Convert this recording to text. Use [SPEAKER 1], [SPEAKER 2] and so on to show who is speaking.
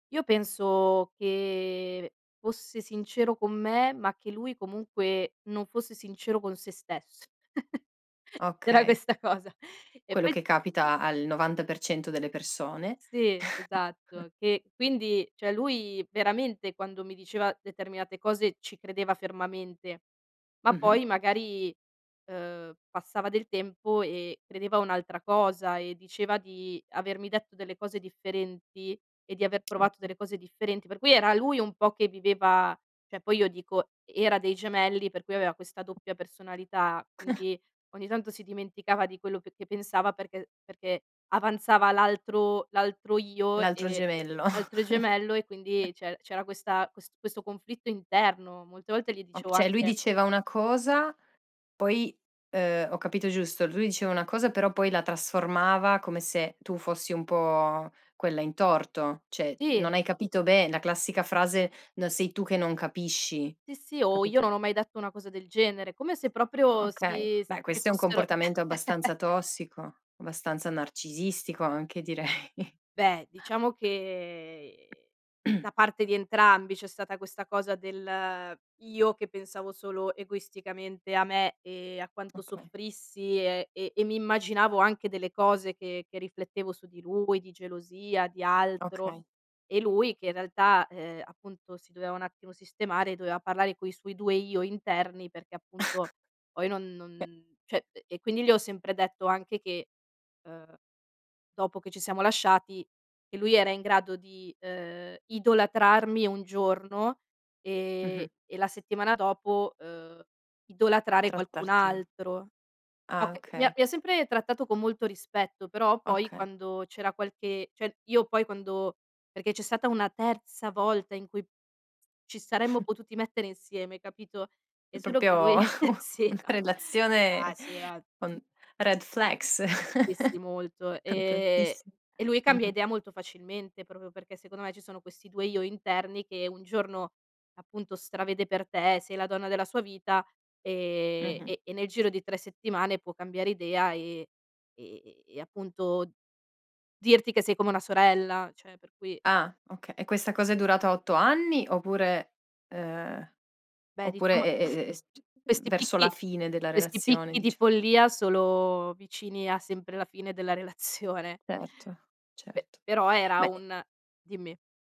[SPEAKER 1] Io penso che fosse sincero con me, ma che lui comunque non fosse sincero con se stesso. C'era
[SPEAKER 2] Okay.
[SPEAKER 1] questa cosa. E
[SPEAKER 2] Quello
[SPEAKER 1] poi
[SPEAKER 2] che capita al 90% delle persone.
[SPEAKER 1] Sì, esatto. Che quindi cioè lui veramente quando mi diceva determinate cose ci credeva fermamente, ma
[SPEAKER 2] Mh-mh.
[SPEAKER 1] poi magari, ehm, passava del tempo e credeva a un'altra cosa e diceva di avermi detto delle cose differenti e di aver provato
[SPEAKER 2] Okay.
[SPEAKER 1] delle cose differenti. Per cui era lui un po' che viveva cioè poi io dico, era dei gemelli, per cui aveva questa doppia personalità, quindi ogni tanto si dimenticava di quello che che pensava perché perché avanzava l'altro l'altro io,
[SPEAKER 2] L'altro
[SPEAKER 1] ehm,
[SPEAKER 2] gemello.
[SPEAKER 1] altro gemello e quindi c'er c'era questa ques questo conflitto interno. Molte volte gli
[SPEAKER 2] O
[SPEAKER 1] dicevo
[SPEAKER 2] cioè lui
[SPEAKER 1] anche
[SPEAKER 2] diceva una cosa, poi, ehm, ho capito giusto? Lui diceva una cosa però poi la trasformava come se tu fossi un po' quella in torto, cioè
[SPEAKER 1] Sì.
[SPEAKER 2] non hai capito be la classica frase: "No sei tu che non capisci".
[SPEAKER 1] Sì, sì, o io
[SPEAKER 2] Capito?
[SPEAKER 1] non ho mai detto una cosa del genere, come se proprio
[SPEAKER 2] Okay,
[SPEAKER 1] si s
[SPEAKER 2] beh
[SPEAKER 1] ci
[SPEAKER 2] questo è un
[SPEAKER 1] fossero
[SPEAKER 2] comportamento abbastanza tossico, abbastanza narcisistico anche direi.
[SPEAKER 1] Beh diciamo che da parte di entrambi c'è stata questa cosa del: io che pensavo solo egoisticamente a me e a quanto
[SPEAKER 2] Okay.
[SPEAKER 1] soffrissi e e e mi immaginavo anche delle cose che che riflettevo su di lui, di gelosia, di altro
[SPEAKER 2] Okay.
[SPEAKER 1] e lui che in realtà, ehm, appunto si doveva un attimo sistemare, doveva parlare coi suoi 2 io interni perché appunto poi non
[SPEAKER 2] E
[SPEAKER 1] non cioè e e quindi gli ho sempre detto anche che, ehm, dopo che ci siamo lasciati, che lui era in grado di, ehm, idolatrarmi un giorno, ehm,
[SPEAKER 2] Mh-mh.
[SPEAKER 1] e la settimana dopo, ehm, idolatrare qualcun
[SPEAKER 2] Trattarti
[SPEAKER 1] altro.
[SPEAKER 2] Ah
[SPEAKER 1] Oka mi ha
[SPEAKER 2] okay.
[SPEAKER 1] mi ha sempre trattato con molto rispetto, però poi
[SPEAKER 2] Okay.
[SPEAKER 1] quando c'era qualche cioè io poi quando perché c'è stata una terza volta in cui ci saremmo potuti mettere insieme, capito, è
[SPEAKER 2] È
[SPEAKER 1] solo che
[SPEAKER 2] proprio
[SPEAKER 1] lui
[SPEAKER 2] un
[SPEAKER 1] si
[SPEAKER 2] una
[SPEAKER 1] era. Ah
[SPEAKER 2] relazione
[SPEAKER 1] sì era
[SPEAKER 2] con red flags,
[SPEAKER 1] Dissi molto,
[SPEAKER 2] con
[SPEAKER 1] ehm,
[SPEAKER 2] tantissi
[SPEAKER 1] e lui cambia
[SPEAKER 2] mh-mh.
[SPEAKER 1] idea molto facilmente proprio perché secondo me ci sono questi 2 io interni che un giorno appunto stravede per te, sei la donna della sua vita, ehm,
[SPEAKER 2] Mh-mh.
[SPEAKER 1] e e nel giro di 3 settimane può cambiare idea, ehm, ehm, e appunto dirti che sei come una sorella, cioè per cui
[SPEAKER 2] Ah, oka e questa cosa è durata 8 anni oppure, ehm,
[SPEAKER 1] Beh
[SPEAKER 2] oppure
[SPEAKER 1] diciamo
[SPEAKER 2] e e e s c
[SPEAKER 1] questi
[SPEAKER 2] verso la
[SPEAKER 1] picchi
[SPEAKER 2] fine della
[SPEAKER 1] questi
[SPEAKER 2] relazione
[SPEAKER 1] picchi di
[SPEAKER 2] dicia
[SPEAKER 1] follia solo vicini a sempre la fine della relazione.
[SPEAKER 2] Certo,
[SPEAKER 1] Pe
[SPEAKER 2] certo.
[SPEAKER 1] però era
[SPEAKER 2] Beh i
[SPEAKER 1] un dimmi.